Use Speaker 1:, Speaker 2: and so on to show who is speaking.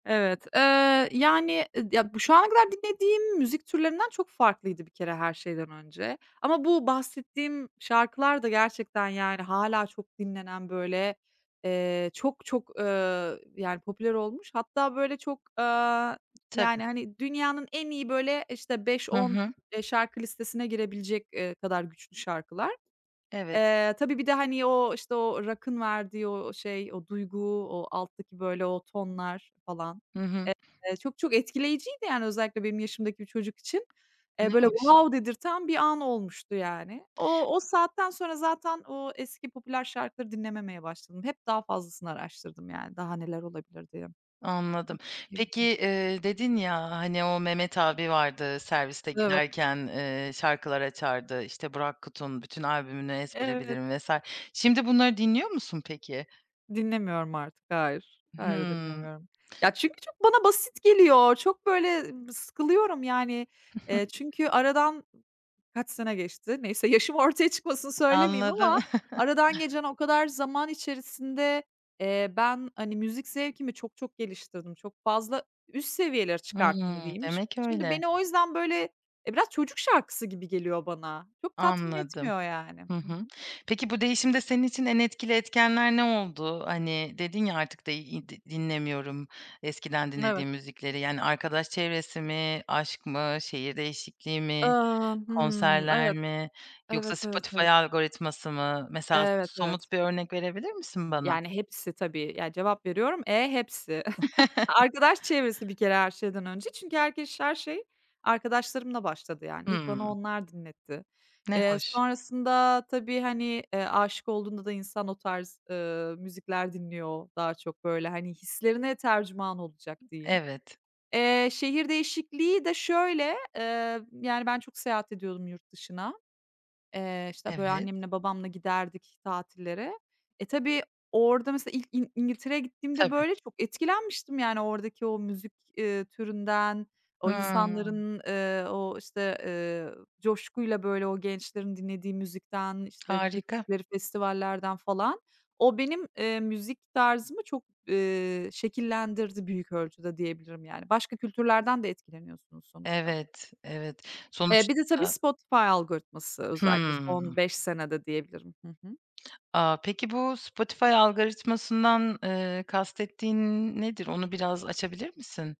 Speaker 1: Evet, ııı, yani, ıd ya, bu şu ana kadar dinlediğim müzik türlerinden çok farklıydı bir kere her şeyden önce ama bu bahsettiğim şarkılar da gerçekten, yani, hâlâ çok dinlenen, böyle, eee, çok çok, ııı, yani, popüler olmuş hatta, böyle, çok, aaa,
Speaker 2: Tabii.
Speaker 1: yani, hani, dünyanın en iyi, böyle, işte, beş
Speaker 2: Hı
Speaker 1: on,
Speaker 2: hı.
Speaker 1: eee, şarkı listesine girebilecek, eee, kadar güçlü şarkılar.
Speaker 2: Evet.
Speaker 1: Eee, tabii bir de, hani o, işte, o rock'ın verdiği o şey, o duygu, o alttaki, böyle, o tonlar falan,
Speaker 2: Hı hı.
Speaker 1: eee, çok çok etkileyiciydi, yani, özellikle benim yaşımdaki bir çocuk için.
Speaker 2: Ne
Speaker 1: Eee, böyle,
Speaker 2: hoş.
Speaker 1: wow dedirten bir an olmuştu, yani. O o saatten sonra zaten o eski popüler şarkıları dinlememeye başladım. Hep daha fazlasını araştırdım, yani, daha neler olabilir diye.
Speaker 2: Anladım. Peki,
Speaker 1: [unintelligible]
Speaker 2: eee, dedin, ya, ha hani o Mehmet abi vardı, serviste
Speaker 1: Evet.
Speaker 2: giderken, eee, şarkılar açardı, işte Burak Kut'un bütün albümünü ezbere
Speaker 1: Evet.
Speaker 2: bilirdim vs. Şimdi bunları dinliyor musun, peki?
Speaker 1: Dinlemiyorum artık. Hayır. Hayır,
Speaker 2: Hımm.
Speaker 1: dinlemiyorum. Ya, çünkü çok bana basit geliyor. Çok, böyle, b sıkılıyorum, yani, eee çünkü aradan kaç sene geçti? Neyse yaşım ortaya çıkmasın söylemeyeyim
Speaker 2: Anladım.
Speaker 1: ama aradan geçen o kadar zaman içerisinde, eee, ben, hani, müzik zevkimi çok çok geliştirdim, çok fazla üst seviyelere
Speaker 2: Hımm,
Speaker 1: çıkarttım, diyeyim. Şim
Speaker 2: demek
Speaker 1: şimdi
Speaker 2: öyle.
Speaker 1: beni o yüzden, böyle e, biraz çocuk şarkısı gibi geliyor bana. Çok tatmin
Speaker 2: Anladım.
Speaker 1: etmiyor, yani.
Speaker 2: Hı
Speaker 1: Hı
Speaker 2: hı.
Speaker 1: hı.
Speaker 2: Peki, bu değişimde senin için en etkili etkenler ne oldu? Hani dedin ya, artık de id dinlemiyorum eskiden
Speaker 1: Evet.
Speaker 2: dinlediğim müzikleri, yani, arkadaş çevresi mi, aşk mı, şehir değişikliği mi,
Speaker 1: Iıı, hımm.
Speaker 2: konserler
Speaker 1: Evet.
Speaker 2: mi yoksa
Speaker 1: Evet, evet,
Speaker 2: Spotify
Speaker 1: evet.
Speaker 2: algoritması mı? Mesela,
Speaker 1: Evet,
Speaker 2: so
Speaker 1: evet.
Speaker 2: somut bir örnek verebilir misin, bana?
Speaker 1: Yani, hepsi tabii, ya, cevap veriyorum, e, hepsi. Arkadaş çevresi bir kere her şeyden önce çünkü herkeş her şey arkadaşlarımla başladı, yani. İlk bana
Speaker 2: Hımm.
Speaker 1: onlar dinletti.
Speaker 2: Ne
Speaker 1: Eee,
Speaker 2: hoş.
Speaker 1: sonrasında tabii, hani, eee, âşık olduğunda da insan o tarz, ııı, müzikler dinliyor daha çok, böyle. Hani, hislerine tercüman olacak, diyeyim.
Speaker 2: Evet.
Speaker 1: Eee, şehir değişikliği de şöyle, eee, yani, ben çok seyahat ediyordum yurt dışına. Eee, işte, böyle,
Speaker 2: Evet.
Speaker 1: annemle babamla giderdik tatillere. E, tabii orada, mesela, ilk İn İn İngiltere'ye gittiğimde,
Speaker 2: Tabii.
Speaker 1: böyle, çok etkilenmiştim, yani, oradaki o müzik, ııı, türünden, o
Speaker 2: Hımm.
Speaker 1: insanların, ııı, o, işte, ııı, coşkuyla, böyle, o gençlerin dinlediği müzikten, işte,
Speaker 2: Harika.
Speaker 1: gittikleri festivallerden, falan. O benim, eee, müzik tarzımı çok, eee, şekillendirdi büyük ölçüde diyebilirim, yani. Başka kültürlerden de etkileniyorsunuz sonuçta.
Speaker 2: Evet, evet.
Speaker 1: Bir de tabii,
Speaker 2: Sonuçta
Speaker 1: Spotify algoritması özellikle son
Speaker 2: Hıımm.
Speaker 1: 5 senede, diyebilirim. Hı hı.
Speaker 2: A! Peki, bu Spotify algoritmasından, eee, kastettiğin nedir? Onu biraz açabilir misin?